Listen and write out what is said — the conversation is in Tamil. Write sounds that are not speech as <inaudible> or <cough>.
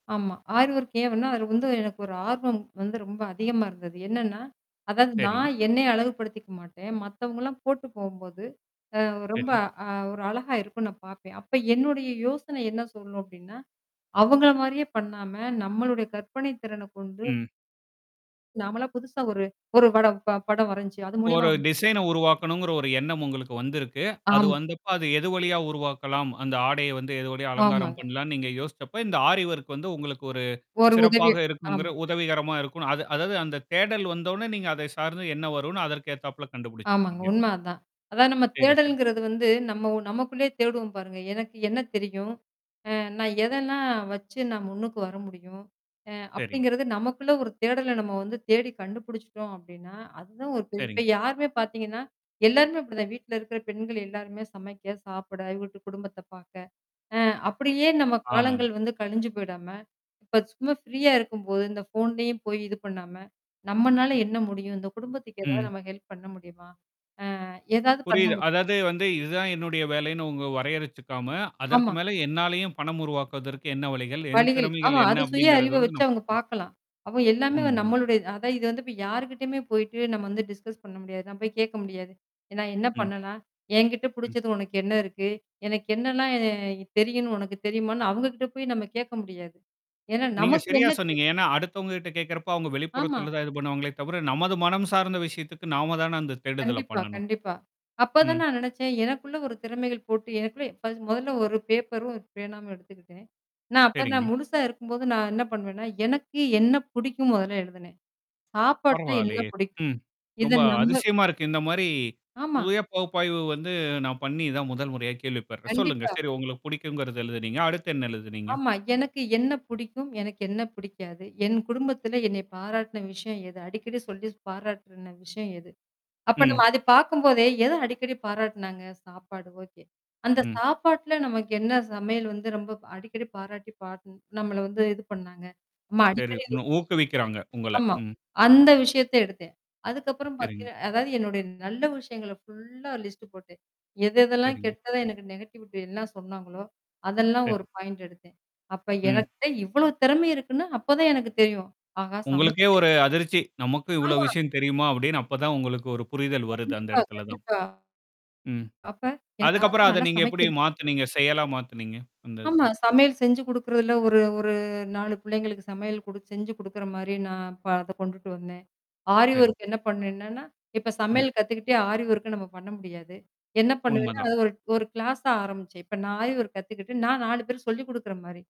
ஆமா. ஆரி ஒர்க்கே வன்னா அது வந்து எனக்கு ஒரு ஆர்வம் வந்து ரொம்ப அதிகமா இருந்தது. என்னன்னா, அதாவது சரி. நான் என்னை அழகுபடுத்திக்க மாட்டேன். மத்தவங்கள்லாம் போட்டு போம்போது. அ ரொம்ப சரி. அ ஒரு அழகா இருக்கும்ன்னு நான் பார்ப்பேன். அப்ப என்னுடைய யோசனை என்ன சொல்லணும் அப்பிடின்னா? அவங்களமாரியே பண்ணாம, நம்மளுடைய கற்பனை திறனை கொண்டு ம். நாமலாம் புதுசா ஒரு, ஒரு பட படம் ப படம் வரஞ்ச்சு. அது மூலியமா ஒரு வந்து டிசைன உருவாக்கணுங்கிற ஒரு எண்ணம் உங்களுக்கு வந்திருக்கு. அது ஆமா. வந்தப்ப அது எது வழியா உருவாக்கலாம்? அந்த ஆடைய வந்து எது வழிய அலங்காரம் ஆமாங்க. பண்ணலான்னு நீங்க யோசிச்சப்ப, இந்த ஆரி ஒர்க் வந்து உங்களுக்கு ஒரு ஒரு உதவி சிறப்பாக இருக்குங்கிற ஆமா. உதவிகரமா இருக்குன்னு அது அதாவது அந்த தேடல் வந்தோன்னே, நீங்க அதை சார்ந்து என்ன வருன்னு அதற்கு ஏத்தாப்ல ஆமாங்க. கண்டுபிடிச்சிருக்கீங்க. உண்ம அதான். அதான் நம்ம சரி, சரி. தேடல்ங்கிறது வந்து நம்ம நமக்குள்ளேயே தேடுவோம் பாருங்க. எனக்கு என்ன தெரியும்? அ நான் எதன்னா வச்சு நான் முன்னுக்கு வர முடியும்? அ சரி. அப்பிடிங்கிறது நமக்குள்ள ஒரு தேடல நம்ம வந்து தேடி கண்டுபிடிச்சுட்டோம் அப்பிடின்னா, அதுதான் ஒரு பெரிய இப்ப சரிங்க. யாருமே பார்த்தீங்கன்னா, எல்லாருமே அப்பிடிதான் வீட்ல இருக்கிற பெண்கள் எல்லாருமே சமைக்க சாப்பிட, வீட்டு குடும்பத்த பாார்க்க. அ அப்பிடியே நம்ம காலங்கள் ஆமாங்க. வந்து கழிஞ்சு போயிடாம. இப்ப சும்மா ஃப்ரீயா இருக்கும்போது, இந்த ஃபோன்லயும் போய் இது பண்ணாம. நம்மனால என்ன முடியும்? இந்த குடும்பத்துக்கு ஏதாவது ம். நம்ம ஹெல்ப் பண்ண முடியுமா? அ ஏதாவது பண்ண புரியுது. முடியு அதாவது வந்து இதுதான் என்னுடைய வேலைன்னு உங்க வரையறைச்சுக்காம, அதற்கு ஆமா. மேல என்னாலயும் பணம் உருவாக்குவதற்கு என்ன வழிகள்? என் வழிகள். ஆமா திறமைகள் என்ன அது சுய அப்பிடிங்கிறத அறிவ வந்து வச்சு நான் அவங்க பார்க்கணும். பார்க்கலாம். அப்ப எல்லாமே வ உண்மதான். நம்மளுடைய அதான் இது வந்து இப்ப யார்கிட்டயுமே போயி்ட்டு நம்ம வந்து டிஸ்கஸ் பண்ண முடியாது. நான் போய் கேட்க முடியாது. ஏன்னா என்ன ம். பண்ணலாம்? என்கிட்ட ம். புடிச்சது உனக்கு என்ன இருக்கு? எனக்கு என்னலாம் என் தெரியுன்னு உனக்கு தெரியுமான்னு அவுங்ககிட்ட போய் நம்ம கேட்க முடியாது. ஏன்னா நீங்க நமக்கு சரியா என்ன தெரியும்? சொன்னீங்க. ஏன்னா அடுத்தவங்க கிட்ட கேட்கிறப்போ, அவுங்க ஆமா. வெளிப்புறத்தல தான் இது பண்ணுவாங்களே தவிர, நமது மனம் சார்ந்த விஷயத்துக்கு நாம தான அந்த தேடுதல கண்டிப்பா, பண்ணணும். கண்டிப்பா. அப்பதான் ம். நான் நினச்சேன். எனக்குள்ள ஒரு திறமைகள் போட்டு எனக்குள்ள <unintelligible> மொதல்ல ஒரு பேப்பரும் பேனாவும் எடுத்துக்கிட்டேன். நான் அப்ப நான் சரிங்க. முழுசா இருக்கும்போது நான் என்ன பண்ணுவேன்னா, எனக்கு என்ன பிடிக்கும் முதல்ல எழுதினேன். சாப்பாட்டுல இன்ன பரவால்லயே! பிடிக்கும். ம். இத ரொம்ப நம்ப அதிசயமா இருக்கு. இந்தமாரி. ஆமா. சுய பகுப்பாய்வு வந்து நான் பண்ணி தான் முதல் முறையா கேள்விப்படுறேன். சொல்லுங்க. கண்டிப்பா. சரி உங்களுக்கு பிடிக்குங்கிறது எழுதினீங்க. அடுத்து என்ன எழுதுனீங்க? ஆமா. எனக்கு என்ன புடிக்கும்? எனக்கு என்ன பிடிக்காது? என் குடும்பத்தில என்னை பாராட்டுன விஷயம் எது? அடிக்கடி சொல்லி பாராட்டுன விஷயம் எது? அப்ப ம். நம்ம அது பார்க்கும்போதே எத அடிக்கடி பாராட்டுனாங்க? சாப்பாடு ஓகே. அந்த ம். சாப்பாட்ல நமக்கு என்ன சமையல் வந்து ரொம்ப அடிக்கடி பாராட்டி பாட் நம்மள வந்து இது பண்ணாங்க? நம்ம சரி. அடிக்கடி <unintelligible> உன்ன ஊக்குவிக்கிறாங்க, உங்கள. ஆமா. ம். அந்த விஷயத்த எடுத்தேன். அதுக்கப்புறம் சரிங்க. பார்த்தீங்கன்னா அதாவது என்னுடைய நல்ல விஷயங்கள ஃபுல்லா லிஸ்ட் போட்டேன். எத எதெல்லாம் சரிங்க. கெட்டதா எனக்கு நெகட்டிவிட்டி என்ன சொன்னாங்களோ! அதெல்லாம் சரி. ஒரு பாயிண்ட் எடுத்தேன். அப்ப ம். எனக்கிட்ட இவ்வளவு திறமை இருக்குன்னு அப்பதான் எனக்கு தெரியும். ஆஹா! சமைக்க உங்களுக்கே தெரியும். ஒரு அதிர்ச்சி. நமக்கு இவ்ளோ ஆமா. விஷயம் தெரியுமா? அப்பிடின்னு அப்ப தான் உங்களுக்கு ஒரு புரிதல் வருது அந்த கண்டிப்பா, இடத்துல தான். கண்டிப்பா. ம். அப்ப எனக்கு ஆஹா! அதுக்கப்புறம் அத நல்லா நீங்க எப்பிடி சமைக்கும் மாத்துனீங்க? செயலா மாத்துனீங்க அந்த இதுல? ஆமா. சமையல் செஞ்சு குடுக்குறதில ஒரு ஒரு நாலு பிள்ளைங்களுக்கு சமையல் குடு செஞ்சு குடுக்குறமாரி நான் ப அத கொண்டுட்டு வந்தேன். ஆரி சரிங்க. ஒர்க் என்ன பண்ணுவேன்னா, இப்ப ம். சமையல் கத்துக்கிட்டே ஆரி ஒர்க்க நம்ம பண்ண முடியாது. என்ன பண்ணுவேன்னா, உண்மதான். அது ஒரு, ஒரு கிளாஸா ஆரம்பிச்சேன். இப்ப நான் ஆரி ஒர்க் கத்துக்கிட்டு நான் 4 பேருக்கு சொல்லிக் குடுக்குற மாரி.